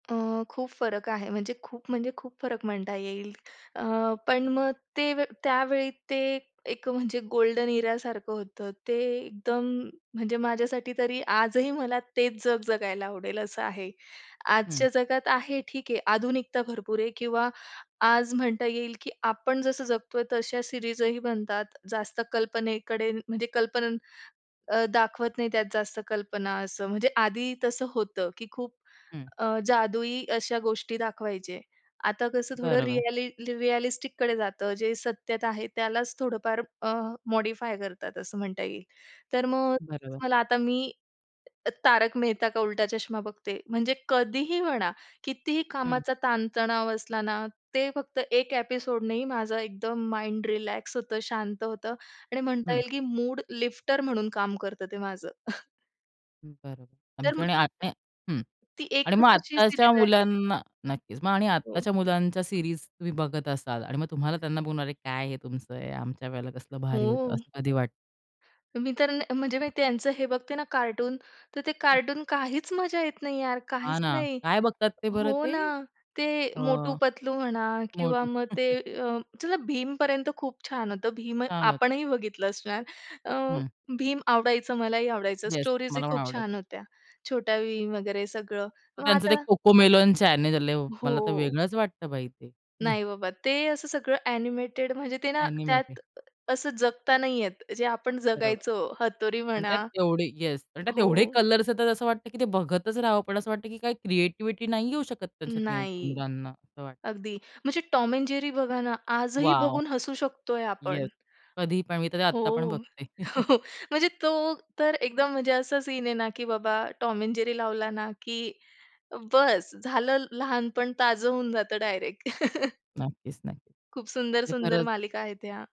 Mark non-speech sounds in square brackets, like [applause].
अ, खूप फरक आहे म्हणजे खूप, म्हणजे खूप फरक म्हणता येईल. अ, पण मग ते त्यावेळी, ते एक म्हणजे गोल्डन इरासारखं होतं. ते एकदम म्हणजे माझ्यासाठी तरी, आजही मला तेच जग जगायला आवडेल असं आहे. हं. आजच्या जगात आहे ठीक आहे आधुनिकता भरपूर आहे, किंवा आज म्हणता येईल, की आपण जसं जगतोय तशा सिरीजही बनतात. जास्त कल्पनेकडे म्हणजे कल्पनेनं अ, दाखवत नाही. त्यात जास्त कल्पना असं म्हणजे आधी तसं होतं, की खूप हं. अ, जादुई अशा गोष्टी दाखवायचे. आता कसं थोडं बरोबर. रिअलि रिअलिस्टिककडे जातं, जे सत्यता आहे त्यालाच थोडंफार अ मॉडिफाय करतात, असं म्हणता येईल. तर मग बरोबर. मला, आता मी 'तारक मेहता का उलटा चष्मा' बघते. म्हणजे कधीही म्हणा, कितीही हं. कामाचा ताणतणाव असला ना, ते फक्त एक एपिसोड नाही माझा एकदम माइंड रिलॅक्स होतं, शांत होतं आणि म्हणता हं. येईल, की मूड लिफ्टर म्हणून काम करतं ते माझं. [chuckles] बरोबर, तर आमचं आणि मग [unintelligible] हं, ती आणि मग एकच अशी आत्ताच्या सीरीज आहे. मुलांना नक्कीच. मग आणि हो. आत्ताच्या मुलांच्या सीरीज तुम्ही बघत असाल आणि मग तुम्हाला त्यांना बोलणार काय, "हे तुमचं, आमच्या वेळेला कसलं भारी होतं," हो. असं कधी वाटतं? मी तर, म्हणजे मी त्यांचं हे बघते ना, कार्टून तर ते कार्टून काहीच मजा येत नाही यार, हां काहीच ना, नाही. काय बघतात ते बरं हो ते? ना, ते अ, 'मोटू-पतलू' म्हणा किंवा मोटू. मग ते [laughs] अ, चला भीमपर्यंत खूप छान होतं. भीम छान होत. आपणही बघितलं असणार. अ, हं. भीम आवडायचं, मलाही आवडायचं. येस स्टोरीज ही मला पण खूप आवडायचं. छान होत्या, छोटा भीम वगैरे सगळं मग त्यांचं ते आता कोको मेलन चॅनेल आहे, मला तर हो. वेगळंच वाटतं बाई ते. नाही बाबा, ते असं सगळं अ‍ॅनिमेटेड म्हणजे ते ना, त्यात अ‍ॅनिमेटेड. असं जगता नाहीये. जे आपण बरोबर. जगायचो, हतोरी आणि त्यात म्हणा तेवढे येस, आणि त्यात एवढे हो. कलर्स येतात, असं वाटतं की ते बघतच राहावं. पण असं वाटतं, की काही क्रिएटिव्हिटी नाही येऊ शकत त्यांच्या नाही. मुलांना, असं वाटतं. अगदी म्हणजे टॉम अ‍ॅण्ड जेरी बघा ना, आजही वॉव! बघून हसू शकतोय आपण. येस, कधी पण मी तर ते आत्ता पण हो, बघते. [chuckles] [chuckles] म्हणजे तो तर एकदम म्हणजे असा सीन आहे ना, की बाबा टॉम अ‍ॅण्ड जेरी लावला ना, की बस झालं, लहानपण ताजं होऊन जातं डायरेक्ट. [chuckles] नक्कीच, नक्कीच! खूप सुंदर, म्हणजे सुंदर खरंच मालिका आहेत ह्या.